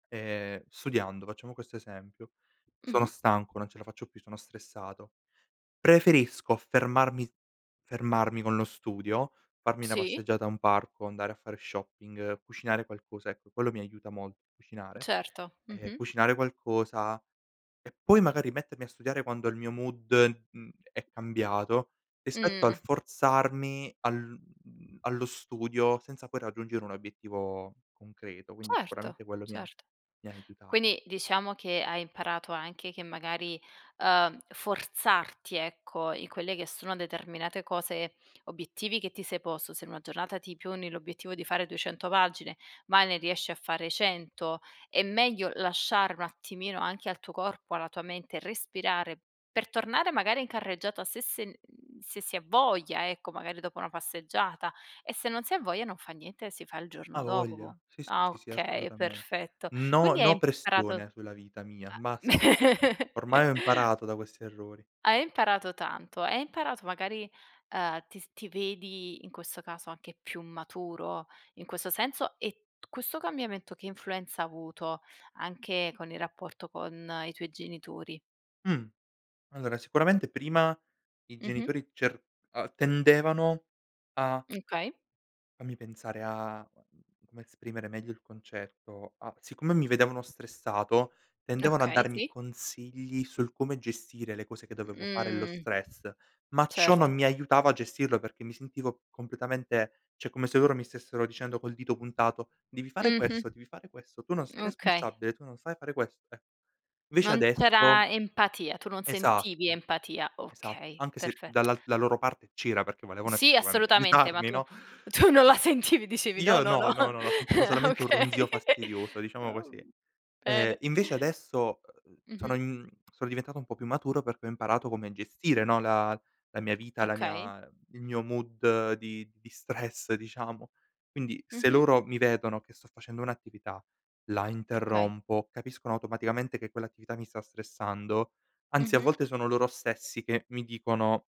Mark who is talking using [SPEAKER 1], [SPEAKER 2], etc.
[SPEAKER 1] Ehm, studiando, facciamo questo esempio,
[SPEAKER 2] Mh-mh.
[SPEAKER 1] sono stanco, non ce la faccio più, sono stressato. Preferisco fermarmi fermarmi con lo studio, farmi una
[SPEAKER 2] Sì.
[SPEAKER 1] passeggiata a un parco, andare a fare shopping, cucinare qualcosa- ecco, quello mi aiuta molto, cucinare.
[SPEAKER 2] Certo.
[SPEAKER 1] Ehm,
[SPEAKER 2] Mh-mh.
[SPEAKER 1] cucinare qualcosa, e poi magari mettermi a studiare quando il mio mood mhmm, è cambiato rispetto al
[SPEAKER 2] Mh!
[SPEAKER 1] forzarmi al mhmm, allo studio senza poi raggiungere un obiettivo concreto, quindi
[SPEAKER 2] Certo,
[SPEAKER 1] sicuramente quello mi ha
[SPEAKER 2] certo.
[SPEAKER 1] mi ha aiuta
[SPEAKER 2] Quindi diciamo che hai imparato anche che magari, uhm, forzarti, ecco, in quelle che sono determinate cose obiettivi che ti sei posto. Se in una giornata ti poni l'obiettivo di fare 200 pagine, ma ne riesci a fare 100, è meglio lasciare un attimino anche al tuo corpo, alla tua mente, respirare per tornare magari in carreggiata se sen mhmm, se si ha voglia ecco, magari dopo una passeggiata. E se non si ha voglia non fa niente e si fa il giorno
[SPEAKER 1] Avoja!
[SPEAKER 2] dopo.
[SPEAKER 1] Sì,
[SPEAKER 2] Ah!
[SPEAKER 1] sì, sì,
[SPEAKER 2] Okay, è
[SPEAKER 1] assolutamente.
[SPEAKER 2] perfetto.
[SPEAKER 1] No,
[SPEAKER 2] Quindi hai
[SPEAKER 1] no
[SPEAKER 2] imparato a
[SPEAKER 1] pressione sulla vita mia, basta. Ormai ho imparato da questi errori.
[SPEAKER 2] Hai imparato tanto, hai imparato magari, uhm, ti s ti vedi in questo caso anche più maturo in questo senso, e t questo cambiamento, che influenza ha avuto anche con il rapporto con i tuoi genitori?
[SPEAKER 1] Mh! Allora sicuramente prima i
[SPEAKER 2] Mh-mh.
[SPEAKER 1] genitori cer uhm, tendevano a
[SPEAKER 2] Mh, okay.
[SPEAKER 1] fammi pensare a mhmm, come esprimere meglio il concetto. Ah, siccome mi vedevano stressato tendevano a
[SPEAKER 2] Okay,
[SPEAKER 1] darmi
[SPEAKER 2] sì.
[SPEAKER 1] consigli sul come gestire le cose che dovevo fare e lo
[SPEAKER 2] Mhmm.
[SPEAKER 1] stress, ma ciò non
[SPEAKER 2] Certo.
[SPEAKER 1] mi aiutava a gestirlo perché mi sentivo completamente cioè come se loro mi stessero dicendo col dito puntato: "Devi fare
[SPEAKER 2] Mh-mh.
[SPEAKER 1] questo, devi fare questo, tu non sei
[SPEAKER 2] Okay.
[SPEAKER 1] responsabile, tu non sai fare questo", eh. Invece
[SPEAKER 2] Non
[SPEAKER 1] adesso
[SPEAKER 2] c'era empatia, tu non sentivi
[SPEAKER 1] Esatto.
[SPEAKER 2] empatia.
[SPEAKER 1] Esatto,
[SPEAKER 2] Okay,
[SPEAKER 1] anche se
[SPEAKER 2] perfetto.
[SPEAKER 1] dalla la loro parte c'era perché volevano
[SPEAKER 2] Sì,
[SPEAKER 1] effettivamente
[SPEAKER 2] assolutamente, ma
[SPEAKER 1] aiutarmi,
[SPEAKER 2] tu
[SPEAKER 1] no?
[SPEAKER 2] tu non la sentivi. Dicevi "No,
[SPEAKER 1] Io
[SPEAKER 2] no, no".
[SPEAKER 1] no, no, no, no, sentivo solamente un ronzio
[SPEAKER 2] Okay.
[SPEAKER 1] fastidioso, diciamo
[SPEAKER 2] Oh,
[SPEAKER 1] così.
[SPEAKER 2] uhm.
[SPEAKER 1] Ehm,
[SPEAKER 2] Bene.
[SPEAKER 1] invece adesso, uhm, sono
[SPEAKER 2] Mh-mh.
[SPEAKER 1] mhmm, sono diventato un po' più maturo perché ho imparato come gestire, no, la la mia vita, la
[SPEAKER 2] Okay.
[SPEAKER 1] mia il mio mood di di stress diciamo. Quindi se
[SPEAKER 2] Mh-mh.
[SPEAKER 1] loro mi vedono che sto facendo un'attività, la
[SPEAKER 2] Okay.
[SPEAKER 1] interrompo, capiscono automaticamente che quell'attività mi sta stressando, anzi a
[SPEAKER 2] Mh-mh.
[SPEAKER 1] volte sono loro stessi che mi dicono